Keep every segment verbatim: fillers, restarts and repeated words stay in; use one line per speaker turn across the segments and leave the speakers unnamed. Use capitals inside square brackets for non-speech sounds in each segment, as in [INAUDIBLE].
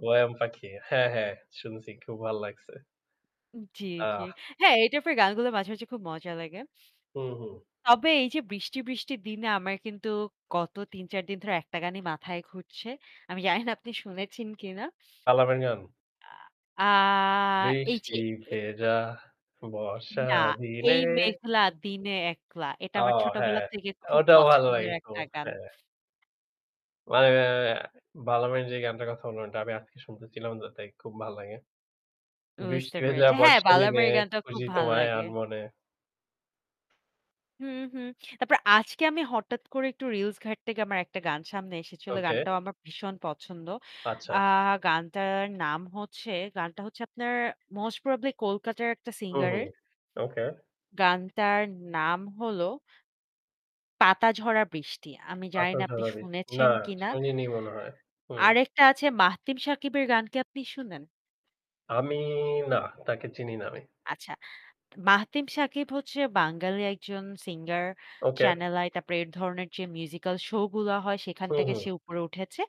'Warm পাখি'। হ্যাঁ, হ্যাঁ শুনছি। খুব ভাল লাগছে।
জি, জি।
আহ।
হ্যাঁ এইটার পর গালগুলো মাঝে, মাঝে খুব মজা লাগে।
হুম, হুম।
তবে এইযে বৃষ্টি বৃষ্টির দিনে আমার কিন্তু গত তিন চার দিন ধরে একটা গানই মাথায় ঘুরছে। আমি জানি না আপনি শুনেছেন কিনা।
কালামের গান।
আ আ এইযে
বৃষ্টি
এ
ভেজা
এ
বর্ষা
না, 'এই
দিনে।
মেঘলা দিনে একলা'। এটা
ও
আমার
হ্যাঁ
ছোটবেলা থেকে খুব
ওটাও ভালো লাগে
পছন্দের
খু
একটা গান।
হ্যাঁ। মানে এ এ বালামের যেই গানটার কথা বললাম এটা আমি আজকে শুনতেছিলাম তো তাই খুব ভাল লাগে। বৃষ্টি
বুঝতে
ভেজা
পেরেছি। হ্যাঁ
বর্ষা নিনে,
বালামের গানটা খুব
খুঁজি
ভাল
তোমায়
লাগে।
আনমনে।
হুম, হুম তারপর আজকে আমি হঠাৎ করে একটু রিলস ঘাটতে গিয়ে আমার একটা গান সামনে এসেছিল।
ওকে।
গানটাও আমার ভীষণ পছন্দ।
আচ্ছা।
আ গানটার নাম হচ্ছে গানটা হচ্ছে আপনার মোস্ট প্রবাবলি কলকাতার একটা
হু,
সিঙ্গার
হু,
এর
ওকে।
গানটার নাম হলো 'পাতা ঝরা বৃষ্টি'। আমি জানি
পাতা
না আপনি
ঝড়াবি না,
শুনেছেন কিনা।
শুনিনি মনে হয়। হু।
আরেকটা আছে মাহতিম সাকিবের গানকে আপনি শুনেন?
আমি না, তাকে চিনি না আমি।
আচ্ছা মাহতিম সাকিব হচ্ছে বাঙালি একজন সিঙ্গার
ওকে।
'চ্যানেল আই' তারপরে এই ধরনের যে মিউজিক্যাল শো গুলো হয় সেখান
হুম,
থেকে
হুম।
সে উপরে উঠেছে।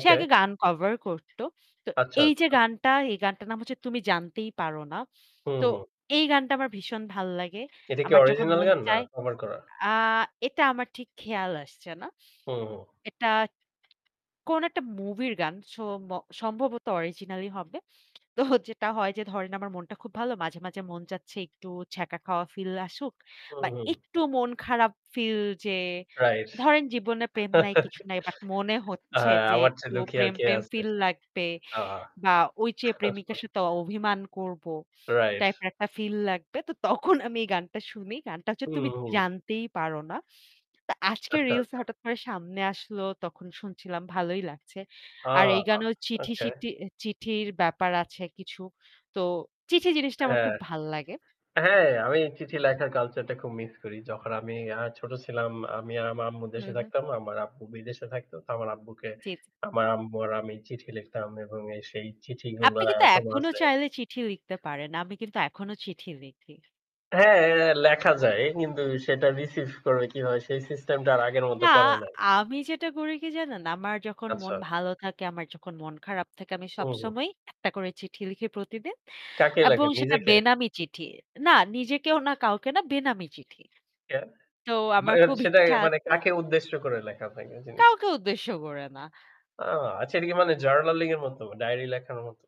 সে আগে গান কভার করত। তো
আচ্ছা,
এইযে
আচ্ছা।
গানটা এই গানটার নাম হচ্ছে, 'তুমি জানতেই পারো না'।
হুম,
তো
হুম।
এই গানটা আমার ভীষণ ভাল লাগে।
এটা কি
আমার যখন
অরিজিনাল
মন
গান না
চায়
কভার করা?
আ এটা আমার ঠিক খেয়াল আসছে না।
হুম, হুম।
এটা কোন একটা মুভির গান। সোম সম্ভবত অরিজিনালই হবে। তো যেটা হয় যে ধরেন আমার মনটা খুব ভালো। মাঝে, মাঝে মন চাচ্ছে একটু ছ্যাঁকা খাওয়া ফিল আসুক
হুম,
বা
হুম।
একটু মন খারাপ ফিল যে
রাইস [CHUCKLES]
ধরেন জীবনে প্রেম নাই কিছু নাই। বাট মনে
আ
হচ্ছে যে
আমার চেয়ে
একটু
দুঃখী আর
প্রেম,
কে
প্রেম
আছে?
ফিল লাগবে
আ
বা ওই যেয়ে প্রেমিকার
[CHUCKLES]
সাথে অভিমান করব
রাইস
টাইপের একটা ফিল লাগবে। তো তখন আমি এই গানটা শুনি। গানটা হচ্ছে
হুম,
'তুমি
হুম।
জানতেই পারো না'। তো আজকে
আচ্ছা,
রিলস এ
আচ্ছা।
হঠাৎ করে সামনে আসলো তখন শুনছিলাম ভালোই লাগছে।
ও
আর
অ
এই গানেও
ওকে।
চিঠি-সিটি এ চিঠির ব্যাপার আছে কিছু। তো চিঠি জিনিসটা আমার
হ্যাঁ।
খুব ভাল লাগে।
হ্যাঁ আমি চিঠি লেখার কালচারটা খুব মিস করি। যখন আমি আ ছোট ছিলাম, আমি আর আমার আম্মু
হুম,
দেশে
হুম।
থাকতাম। আমার আব্বু বিদেশে থাকত। তো আমার আব্বুকে
জি, জি।
আমার আম্মু আর আমি চিঠি লিখতাম এবং এ সেই চিঠিগুলা
আপনি কিন্তু
এখনো
এখনো
আছে।
চাইলে চিঠি লিখতে পারেন, আমি কিন্তু এখনো চিঠি লিখি।
হ্যাঁ, লেখা যায়। কিন্তু সেটা রিসিভ করবে কিভাবে সেই সিস্টেমটা আর আগের মত
না
করা নাই।
আমি যেটা করি কি জানেন? আমার যখন মন
আচ্ছা।
ভালো থাকে আমার যখন মন খারাপ [SMACKS LIPS] থাকে আমি
উ হুম।
সবসময়ই একটা করে চিঠি লিখি প্রতিদিন।
কাকে
এবং
লাগে
সেটা
নিজেকে?
বেনামী চিঠি। না নিজেকেও না কাউকে না বেনামী চিঠি।
এ
তো
মা
আমার
এ
খুব
সেটা
ইচ্ছা
মানে
আছে
কাকে উদ্দেশ্য করে লেখা হয় এই জিনিসটা?
কাউকে উদ্দেশ্য করে না।
আ আচ্ছা এটা কি মানে জার্নালিং এর মত ডায়েরি লেখানোর মত।